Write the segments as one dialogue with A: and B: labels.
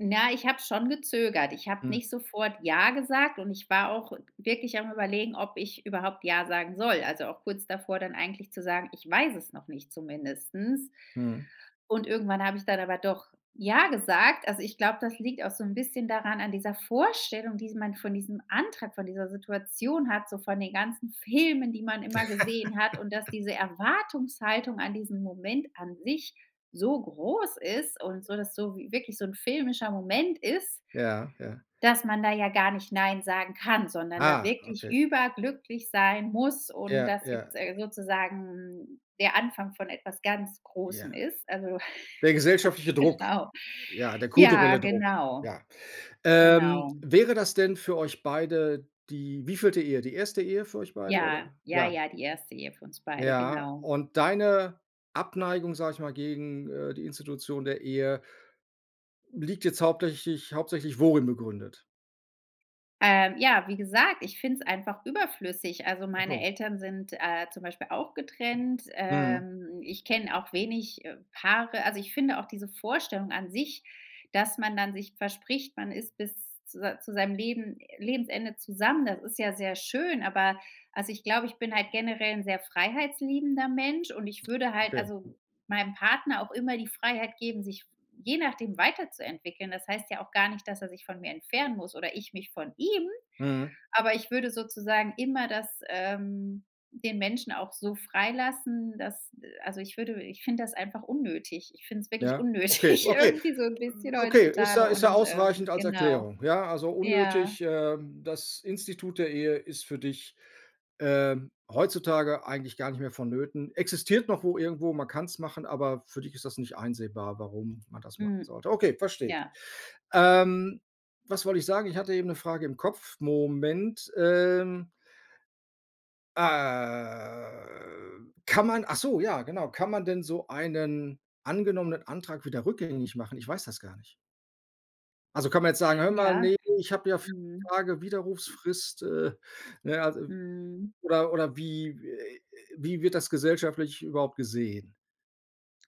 A: Na, ich habe schon gezögert. Ich habe
B: Mhm.
A: nicht sofort ja gesagt und ich war auch wirklich am Überlegen, ob ich überhaupt ja sagen soll. Also auch kurz davor dann eigentlich zu sagen: „Ich weiß es noch nicht“, zumindest.
B: Mhm.
A: Und irgendwann habe ich dann aber doch ja gesagt. Also ich glaube, das liegt auch so 'n bisschen daran an dieser Vorstellung, die man von diesem Antrag, von dieser Situation hat, so von den ganzen Filmen, die man immer gesehen hat und dass diese Erwartungshaltung an diesem Moment an sich so groß ist und so das so wi wirklich so 'n filmischer Moment ist,
B: Ja, ja.
A: dass man da ja gar nicht nein sagen kann, sondern da
B: Ah,
A: wirklich
B: okay.
A: überglücklich sein muss und
B: Ja,
A: das
B: ja.
A: jetzt sozusagen der Anfang von etwas ganz
B: Ja.
A: Großem ist. Also,
B: Der gesellschaftliche Druck,
A: genau.
B: ja, der
A: Ja,
B: kulturelle Druck,
A: genau,
B: ja. Ähm,
A: genau.
B: wäre das denn für euch beide die wievielte Ehe? Die erste Ehe für euch beide
A: Ja.
B: oder?
A: Ja,
B: Ja.
A: ja, die erste Ehe für uns beide,
B: Ja,
A: genau.
B: und deine Abneigung, sage ich mal, gegen, äh, die Institution der Ehe liegt jetzt hauptsächlich hauptsächlich worin begründet?
A: Ähm, ja, wie gesagt, ich finde es einfach überflüssig. Also, meine
B: [unintelligible]
A: Eltern sind, äh, auch getrennt.
B: Mhm.
A: Ähm, ich kenne auch wenig Paare also, ich finde auch diese Vorstellung an sich, dass man dann sich verspricht, man ist bis z zu zu seinem Leben Lebensende zusammen, das ist ja sehr schön. Aber, also, ich glaube, ich bin halt generell sehr freiheitsliebender Mensch und ich würde halt
B: Okay.
A: also meinem Partner auch immer die Freiheit geben, sich je nachdem weiterzuentwickeln. Das heißt ja auch gar nicht, dass er sich von mir entfernen muss oder ich mich von ihm.
B: Mhm.
A: Aber ich würde sozusagen immer das, ähm den Menschen auch so freilassen, dass, äh, also ich würde ich finde das einfach unnötig. Ich finde es wirklich
B: Ja? Okay,
A: unnötig
B: okay.
A: irgendwie so 'n bisschen
B: Okay, ist ja
A: heutzutage
B: ist ja
A: und, ähm,
B: ausreichend als
A: genau.
B: Erklärung. Ja, also
A: Ja.
B: unnötig, ähm, das Institut der Ehe ist für dich, ähm, heutzutage eigentlich garnicht mehr von Nöten. Existiert noch wo irgendwo, man kann es machen, aber für dich ist das nicht einsehbar warum man das machen
A: Hm.
B: sollte. Okay, verstehe ich.
A: Ja.
B: Ähm, was wollte ich sagen? Ich hatte eben 'ne Frage im Kopf. Moment. Ähm, ah, kann man ach so, ja genau. Kann man denn so einen angenommenen Antrag wieder rückgängig machen? Ich weiß das gar nicht. Also, kann man jetzt sagen, hör mal,
A: Ja.
B: ne, ich habe ja 4
A: Mhm.
B: Tage Widerrufsfrist. Äh, ne? Also
A: Mhm.
B: oder oder wie w äh äh, wie wird das gesellschaftlich überhaupt gesehen?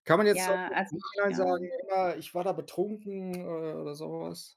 B: Kann man jetzt auch
A: Ja,
B: noch
A: als
B: im
A: ich
B: Nachhinein
A: ja
B: sagen: „Hör mal, ich war da betrunken“, äh, oder so was?